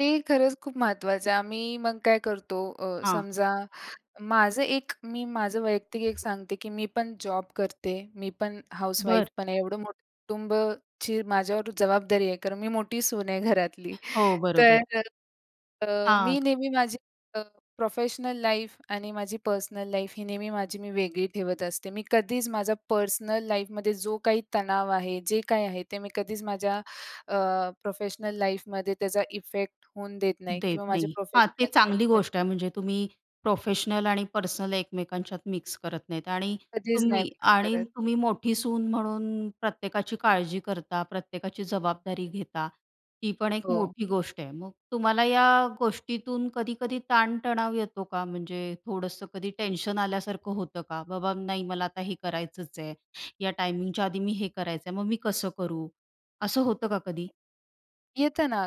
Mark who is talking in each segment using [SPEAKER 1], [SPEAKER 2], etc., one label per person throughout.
[SPEAKER 1] ते खरंच खूप महत्त्वाचं आहे. आम्ही मग काय करतो अ,
[SPEAKER 2] हां.
[SPEAKER 1] समजा, माझं एक मी माझं वैयक्तिक एक सांगते, की मी पण जॉब करते. मी पण हाउसवाईफ
[SPEAKER 2] बरं.
[SPEAKER 1] पण आहे. एवढं मोठं कुटुंबाची माझ्यावर जबाबदारी आहे. कारण मी मोठी सून आहे घरातली.
[SPEAKER 2] हो, बरोबर आहे.
[SPEAKER 1] तर अ,
[SPEAKER 2] हां.
[SPEAKER 1] मी नेहमी माझी प्रोफेशनल लाईफ आणि माझी पर्सनल लाईफ ही नेहमी माझी मी वेगळी ठेवत असते. मी कधीच माझा पर्सनल लाईफमध्ये जो काही तणाव आहे, जे काही आहे ते मी कधीच माझ्या अ, प्रोफेशनल लाईफमध्ये त्याचा इफेक्ट होऊन देत नाही
[SPEAKER 2] देत
[SPEAKER 1] किंवा माझ्या
[SPEAKER 2] नाही. हां, ते
[SPEAKER 1] प्रोफेशनल
[SPEAKER 2] चांगली
[SPEAKER 1] लाईफध्ये
[SPEAKER 2] गोष्ट आहे. म्हणजे तुम्ही प्रोफेशनल आणि पर्सनल एकमेकांच्यात मिक्स करत नाहीत आणि
[SPEAKER 1] कधीच नाही
[SPEAKER 2] तुम्ही
[SPEAKER 1] मिक्स
[SPEAKER 2] आणि
[SPEAKER 1] करत.
[SPEAKER 2] तुम्ही मोठी सून म्हणून प्रत्येकाची काळजी करता, प्रत्येकाची जबाबदारी घेता. ही पण एक
[SPEAKER 1] हो.
[SPEAKER 2] मोठी गोष्ट आहे. मग तुम्हाला या गोष्टीतून कधी-कधी ताणतणाव येतो का? म्हणजे थोडंसं कधी टेन्शन आल्यासारखं होतं का, "बाबा नाही मला आता हे करायचंच आहे, या टायमिंगच्या आधी मी हे करायचं आहे, मग मी कसं करू?" असं होतं का कधी?
[SPEAKER 1] येतं ना.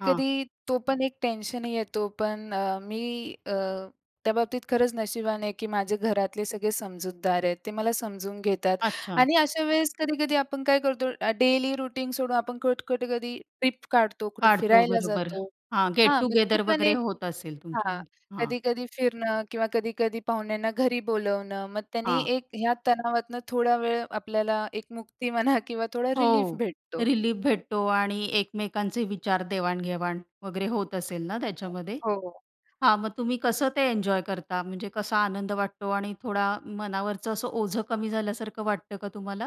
[SPEAKER 2] हां.
[SPEAKER 1] तो पण एक टेन्शन येतो, पण अ, मी अ, त्या बाबतीत खरंच नशिबान आहे, की माझे घरातले सगळे समजूतदार आहेत. ते मला समजून घेतात
[SPEAKER 2] अच्छा.
[SPEAKER 1] आणि अशा वेळेस कधी-कधी आपण काय करतो? अ, डेली रूटीन सोडून आपण कट कुठे कधी ट्रिप काढतो, कुठे
[SPEAKER 2] काढतो,
[SPEAKER 1] फिरायला
[SPEAKER 2] बरोबर.
[SPEAKER 1] जातो.
[SPEAKER 2] हां, गेट
[SPEAKER 1] हां, मग ते
[SPEAKER 2] टुगेदर
[SPEAKER 1] पण
[SPEAKER 2] वगैरे
[SPEAKER 1] एक
[SPEAKER 2] होत असेल
[SPEAKER 1] हां.
[SPEAKER 2] तुमच्यामध्ये. हां.
[SPEAKER 1] कधी-कधी फिरणं किंवा कधी-कधी पाहुण्यांना घरी बोलावणं. मग त्यांनी
[SPEAKER 2] हां.
[SPEAKER 1] एक ह्या तणावातनं थोडा वेळ आपल्याला एक मुक्ती म्हणा किंवा थोडा रिलीफ
[SPEAKER 2] हो,
[SPEAKER 1] भेटतो.
[SPEAKER 2] रिलीफ भेटतो आणि एकमेकांचे विचार देवाण-घेवाण वगैरे होत असेल ना, त्याच्यामध्ये?
[SPEAKER 1] हो.
[SPEAKER 2] हां, मग तुम्ही कसं ते एन्जॉय करता? म्हणजे कसा आनंद वाटतो आणि थोडा मनावरचं असं ओझं कमी झाल्यासारखं वाटतं का तुम्हाला?